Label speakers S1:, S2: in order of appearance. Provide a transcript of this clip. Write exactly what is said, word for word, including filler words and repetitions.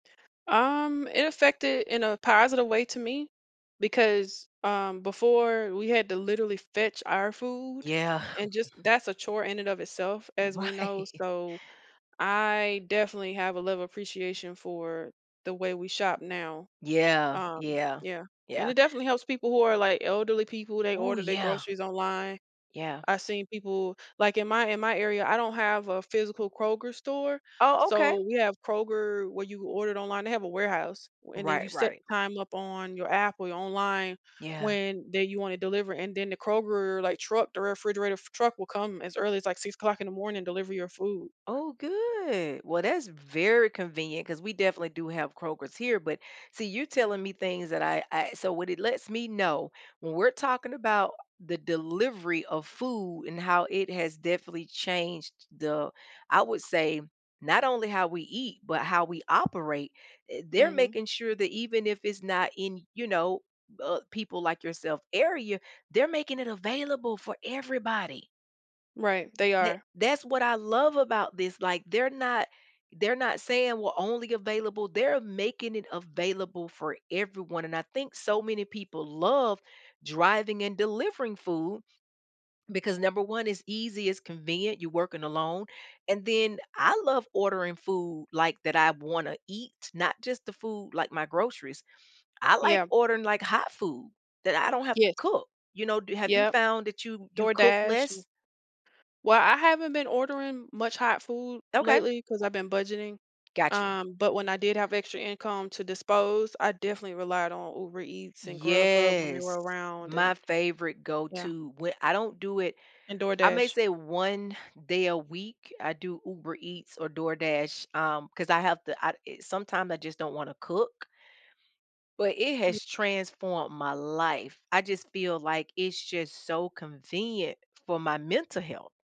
S1: Um, it affected in a positive way to me, because, um, before we had to literally fetch our food
S2: Yeah.
S1: and just that's a chore in and of itself as we know,
S2: Right.
S1: so, I definitely have a level appreciation for the way we shop now,
S2: Yeah.
S1: um,
S2: Yeah.
S1: yeah, and
S2: Yeah.
S1: it definitely helps people who are like elderly people, they
S2: Oh,
S1: order their
S2: yeah.
S1: groceries online.
S2: Yeah.
S1: I've seen people like, in my in my area, I don't have a physical Kroger store,
S2: Oh, okay.
S1: so, we have Kroger where you order it online they have a warehouse, and then you
S2: Right,
S1: set
S2: right.
S1: the time up on your app or your online
S2: Yeah.
S1: when they you want to deliver, and then the Kroger, like truck the refrigerator truck will come as early as, like six o'clock in the morning and deliver your food.
S2: Oh, good, well, that's very convenient 'cause we definitely do have Kroger's here, but see, you're telling me things that I I so, what it lets me know, when we're talking about the delivery of food and how it has definitely changed the I would say, not only how we eat, but how we operate. I they're
S1: Mhm.
S2: making sure that even if it's not in, you know, uh, people like yourself area, they're making it available for everybody.
S1: Right, they
S2: That
S1: are.
S2: that's what I love about this, like, they're not, they're not saying we're only available They're making it available for everyone, and I think so many people love driving and delivering food because number one it's easy, it's convenient, you're working alone, and then I love ordering food like, that I wanna eat, not just the food, like my groceries. I like
S1: Yeah.
S2: ordering, like, hot food that I don't have to
S1: Yes.
S2: cook, you know, do have you
S1: Yep,
S2: found that you you cook
S1: DoorDash an
S2: less?
S1: well, I haven't been ordering much hot food
S2: Okay.
S1: lately 'cause I've been budgeting,
S2: Got you.
S1: um, but when I did have extra income to dispose, I definitely relied on Uber Eats and Grubhub when they
S2: Yes,
S1: were around and
S2: my favorite go
S1: yeah.
S2: to whe I don't do it
S1: And
S2: I may
S1: DoorDash
S2: say one day a week, I do Uber Eats or DoorDash, um, 'cause I have to I sometimes I just don't wanna cook but, it has transformed my life. I just feel like, it's just so convenient for my mental health.